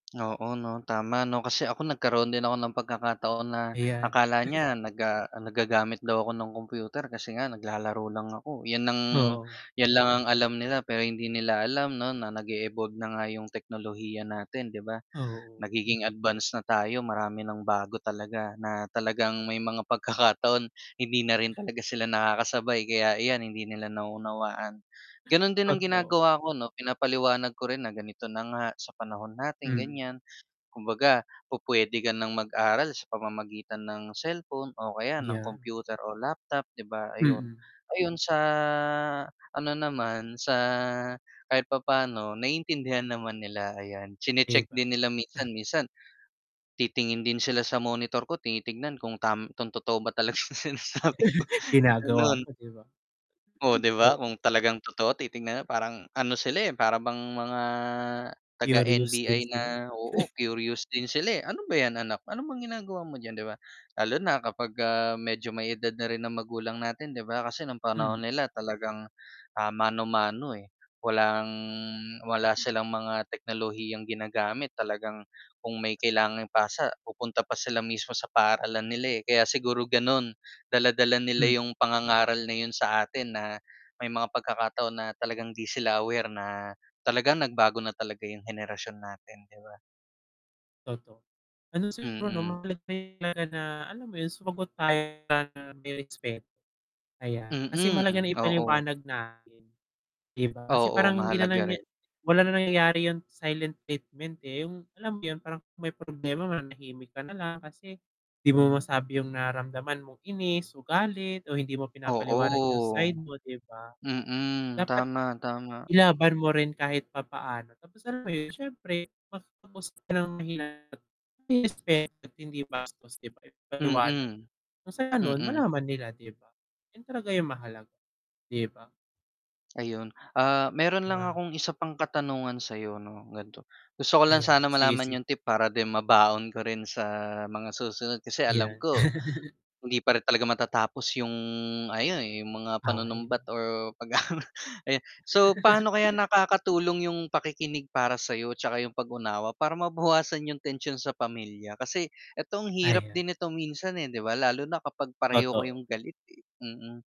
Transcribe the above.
Oo 'no, tama 'no, kasi ako nagkaroon din ako ng pagkakataon na Ayan. akala niya naga nag-gagamit daw ako ng computer kasi nga naglalaro lang ako, 'yan ang Oo. 'yan lang ang alam nila pero hindi nila alam 'no nag-e-evolve na nga 'yong teknolohiya natin 'di ba, Oo. nagiging advance na tayo marami nang bago talaga na talagang may mga pagkakataon hindi na rin talaga sila nakakasabay kaya iyan hindi nila nauunawaan, ganun din ang Totoo. ginagawa ko 'no, pinapaliwanag ko rin na ganito na nga sa panahon natin Mhm. ganiyan, kumbaga, pupuwede ka ng mag-aral sa pamamagitan ng cellphone, o kaya ng Yan. computer o laptop 'di ba ayun. Mm. Ayun sa ano naman sa kahit papaano naiintindihan naman nila ayan, 'Di chine-check ba. din nila minsan, minsan titingin din sila sa monitor ko tinitingnan kung tam kung totoo ba talaga yung sinasabi ko, Ginagawa ganun. mo 'di ba? Oh, 'di ba Oh kung talagang totoo titingnan na parang ano sila, eh, para bang mga taga Curious din NBI na sila, eh. oo, curious din sila, eh, "Ano ba yan anak? Ano bang ginagawa mo diyan?" 'Di ba, lalo na kapag ka, ah, medyo may edad na rin ang magulang natin 'di ba, kasi nung Hmm. panahon nila talagang, ah, mano-mano, eh, walang wala silang mga teknolohiyang ginagamit talagang kung may kailangang ipasa, pupunta pa sila mismo sa paaralan nila, eh, kaya siguro ganun, dala-dala nila M yung pangangaral na yun sa atin na, may mga pagkakataon na talagang hindi sila aware na, talagang nagbago na talaga yung henerasyon natin 'di ba? Totoo, ano siguro Mm. mahalaga na, [unintelligible] alam mo yun sumagot tayo ng may respecto. Ayan, kasi mahalaga Mm, na oo. ipaliwanag natin, 'di ba kasi Oo, parang hindi na mahalaga niya rin. wala na nangyayari yung silent treatment, eh, yung alam mo yun parang may problema mananahimik ka nalang, kasi di mo masabi yung nararamdaman mong inis, o galit, o hindi mo Oo. pinapaliwanag yung side mo 'di ba? Mm, Dapat tama, tama. ilaban mo rin kahit papaano, tapos alam mo yun siyempre matapos ng mahinahon, may respeto at hindi bastos 'di ba na paliwanag, Mm. kung sa ganun Mm. malaman nila 'di ba, yun talaga yung mahalaga, 'di ba? Ayun, ah, meron lang Mga akong isa pang katanungan sayo 'no, gan'to gusto ko lang Ayan, sana sige, malaman sige. yung tip para din mabaon ko rin sa mga susunod kasi alam Yan. ko hindi pa rin talaga matatapos yung ah, [unintelligible] yung mga Away 'no. panunumbat or pag aano ayan so paano kaya nakakatulong yung pakikinig para sa'yo, 'tsaka yung pag-unawa para mabawasan yung tensyon sa pamilya kasi eto ang hirap Ayon. din ito minsan, eh, 'di ba lalo na kapag pareho Totoo. kayong galit, eh, mm.